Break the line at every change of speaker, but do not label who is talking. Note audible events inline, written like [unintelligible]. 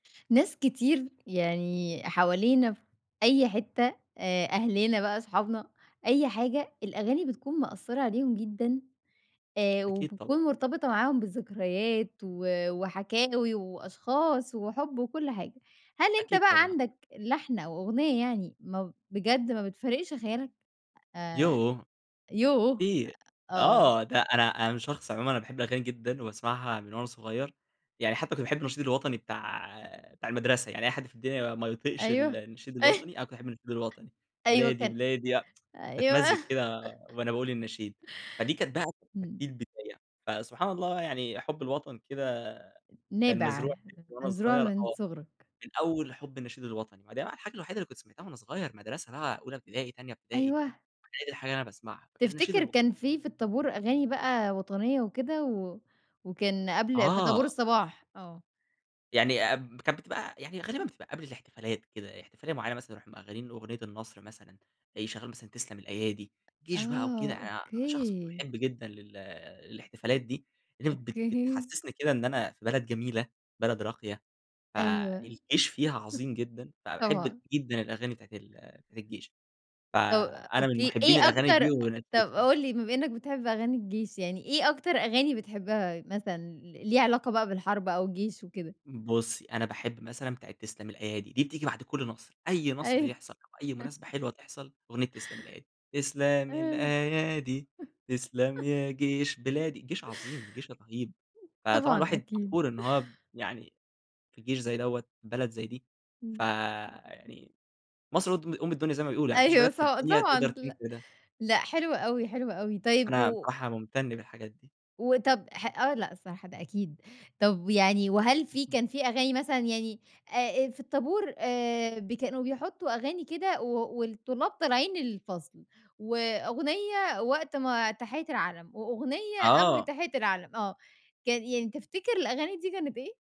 ناس كتير يعني حوالينا في أي حتّة، آآ أهلنا بقى أصحابنا أي حاجة، الأغاني بتكون مأثّرة عليهم جدًا، آآ
أكيد طبعًا.
وبتكون مرتبطة معاهم بذكريات و وحكاوي وأشخاص وحُب وكلّ حاجة، هل أنت
أكيد
بقى
طبعًا.
عندك لحن أو أغنية يعني، ما بجد ما بتفارقش خيالك؟ آآ،
يوه!
يوه!
كتير،
أ آه.
آه ده أنا أنا شخص عمومًا أنا باحب الأغاني جدًا وباسمعها من وأنا صغيّر، يعني حتّى كنت باحب النشيد الوطني بتاع بتاع المدرسة، يعني أي حد في الدنيا ما يطيقش ال
أيوه.
النشيد
أيو
الوطني انا كنت باحب النشيد الوطني،
أيوه
بلادي،
كان
بلادي لأ، [tsk]
أيوه.
باتمزِّج كده
[laughs]
وأنا باقول النشيد، فدي كانت بقى كانت
إمم.
دي البداية، فسبحان الله يعني حُب الوطن كده كان
نابع،
مزروع فيّا من وأنا
مزروع
صغيّر
من
آه،
صغرك.
من أوّل حُب النشيد الوطني، ما دي بقى الحاجة الوحيدة اللي كنت سمعتها وأنا صغيّر، مدرسة بقى أولى ابتدائي تانية ابتدائي،
أيوه.
ما هي دي الحاجة اللي أنا باسمعها كان النشيد
تفتكر
الو
كان في، في الطابور أغاني بقى وطنية وكده، و وكان قبل في طابور
آه.
الصباح، آه.
يعني اب كانت بتبقى يعني غالبًا بتبقى قبل الاحتفالات كده، احتفالية معيّنة مثلًا نروح مشّغلين أغنية النصر مثلًا، يشّغلوا مثلًا تسلم الأيادي، جيش بقى وكده،
آه،
أنا شخص
أوكي.
محب جدًا لل الاحتفالات دي، اللي بت
أوكي.
بتحسّسني كده إن أنا في بلد جميلة بلد راقية،
أيوه، [chuckles]
فالجيش فيها عظيم جدًا، فأحب
طبعًا.
جدًا الأغاني بتاعة ال بتاعة الجيش،
طَب
فأنا من
أوكي، إيه
محبين الأغاني دي.
أكتر طَب
[unintelligible]
قُل لي بما إنّك بتحب أغاني الجيش يعني، إيه أكتر أغاني بتحبها مثلًا، ل ليها علاقة بقى بالحرب أو الجيش وكده؟
بُصّي، أنا باحب مثلًا بتاعة تسلم الأيادي، دي بتيجي بعد كلّ نصر، أي نصر
أيوه.
يحصل أو أي
[chuckles]
مناسبة حلوة تحصل، أغنية تسلم الأيادي، تسلم
آه.
الأيادي تسلم
[chuckles]
يا جيش بلادي. جيش عظيم جيش رهيب، فطبعًا
طبعًا
الواحد
أكيد.
فخور إنّه هو يعني في جيش زي دوّة، بلد زي دي،
إمم.
فيعني مصر قد أم الدنيا زي ما بيقولوا، يعني ما فيش
أيوه
بلد
ص
في الدنيا تقدر
طبعًا لا
تنفي ده.
لأ حلو أوي، حلو أوي، طيب
أنا
و
بصراحة ممتن بالحاجات دي.
وطَب ح آه لأ صراحة ده أكيد، طَب يعني وهل في
اهم.
كان في أغاني مثلًا يعني آآ آآ في الطابورآآ ب كانو بيحطّوا أغاني كده و والطلاب طالعين الفصل، وأغنية وقت ما تحيّة العَلَم، وأغنية قبل
آه.
تحيّة العَلَم، آه، كان يعني تفتكر الأغاني دي كانت إيه؟